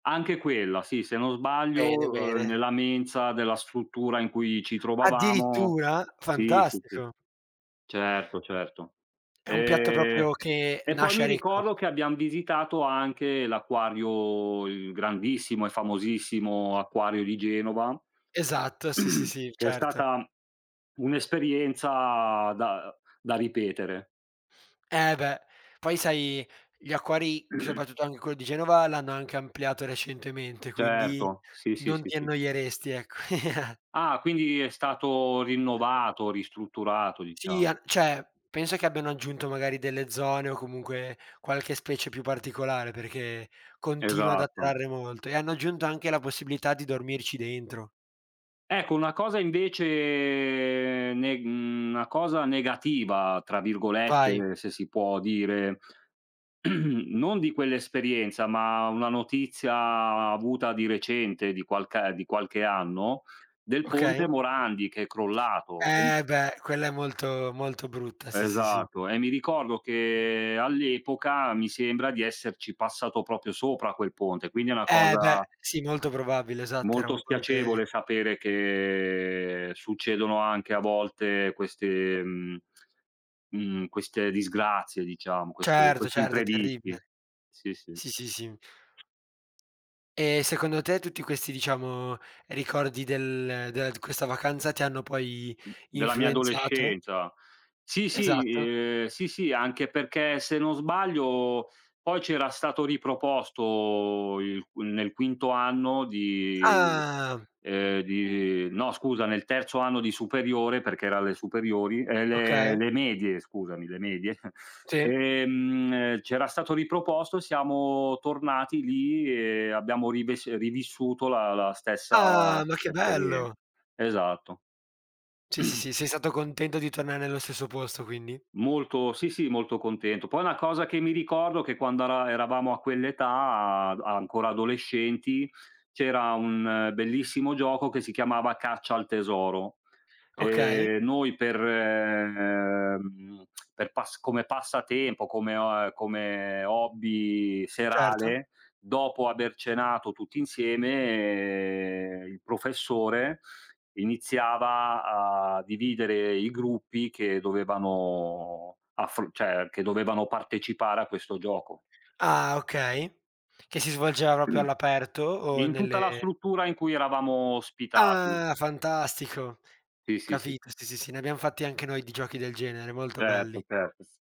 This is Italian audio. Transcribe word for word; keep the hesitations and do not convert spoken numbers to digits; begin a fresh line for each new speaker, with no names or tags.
Anche quella, sì, se non sbaglio,
Bene,
uhm,
bene.
nella mensa della struttura in cui ci trovavamo.
Addirittura?
Sì, sì, sì,
Fantastico.
certo, certo.
È un piatto
Ehm,
proprio che,
e poi
nasce
mi
a Recco.
ricordo che abbiam visitato anche l'acquario, il grandissimo e famosissimo acquario di Genova,
Esatto, sì, sì, sì,
che è
certo.
stata un'esperienza da da ripetere.
Eh beh. Poi sai, gli acquari, soprattutto anche quello di Genova, l'hanno anche ampliato recentemente, quindi
Certo. Sì, sì,
non
sì,
ti
sì.
annoieresti, ecc
Ah, quindi, è stato rinnovato, ristrutturato,
Sì,
diciao.
a ceh, pensa che abbiano aggiunto magari delle zone o comunque, qualche specie più particolare, perché continua ad
Esatto.
attrarre molto, e hanno aggiunto anche la possibilità di dormirci dentro.
Ecco, una cosa invece, neg mhmm, 'na cosa "negativa", tra
Vai.
virgolette, se si può dire, non di quell'esperienza, ma una notizia avuta di recente, di qualcae di qualche anno, del
Okay.
ponte Morandi, che è crollato. E
Eh beh, quella è molto, molto brutta, sì, sì, sì.
Esatto. E mi ricordo che all'epoca, mi sembra di esserci passato proprio sopra a quel ponte, quindi è una
Eh beh,
cosa
sì, nolto probabile, esatto, era
molto
un
spiacevole
ponte
sapere che, succedono anche a volte queste, mhmm, mhmm, queste disgrazie diciamo, queste
Certo, certo, è
quest'imprevisti.
terribile.
Sì, sì.
Sì, sì, sì. E secondo te, tutti questi diciamo, ricordi del ehm, dela d questa vacanza, ti hanno poi
Della mia
influenzato?
adolescenza. Sì, sì,
Esatto.
uhm, sì, sì, anche perché se non sbaglio poi c'era stato riproposto il nel quinto anno di,
Ah!
ehm, di no scusa, nel terzo anno di superiore, perché era alle superiori ehm, le
Okay.
le medie, scusami, le medie,
Sì.
ehm, c'era stato riproposto, siamo tornati lì e abbiamo rivess rivissuto la la stessa
Ah! Ma che
esperien
bello!
esatto.
Sì, sì, sì, sei stato contento di tornare nello stesso posto, quindi?
Molto sì, sì, molto contento. Poi una cosa che mi ricordo, che quando ara eravamo a quell'età, ad ancora adolescenti, c'era un bellissimo gioco, che si chiamava "Caccia al tesoro".
Okay.
Ehm, noi per, ehm, per pass come passatempo, come o a uhm, come hobby,
Certo.
serale, dopo aver cenato tutti insieme, il professore, iniziava a dividere i gruppi che dovevano affro ceh, che dovevano partecipare a questo gioco.
Ah, okay, che si svolgeva roprio all'aperto? O
In tutta la
nelle
struttura in cui eravamo ospitati.
Ah! Fantastico,
Sì, sì, sì.
capito. Sì, sì, sì, ne abbiam fatti anche noi di giochi del genere, molto
Certo,
belli.
certo, s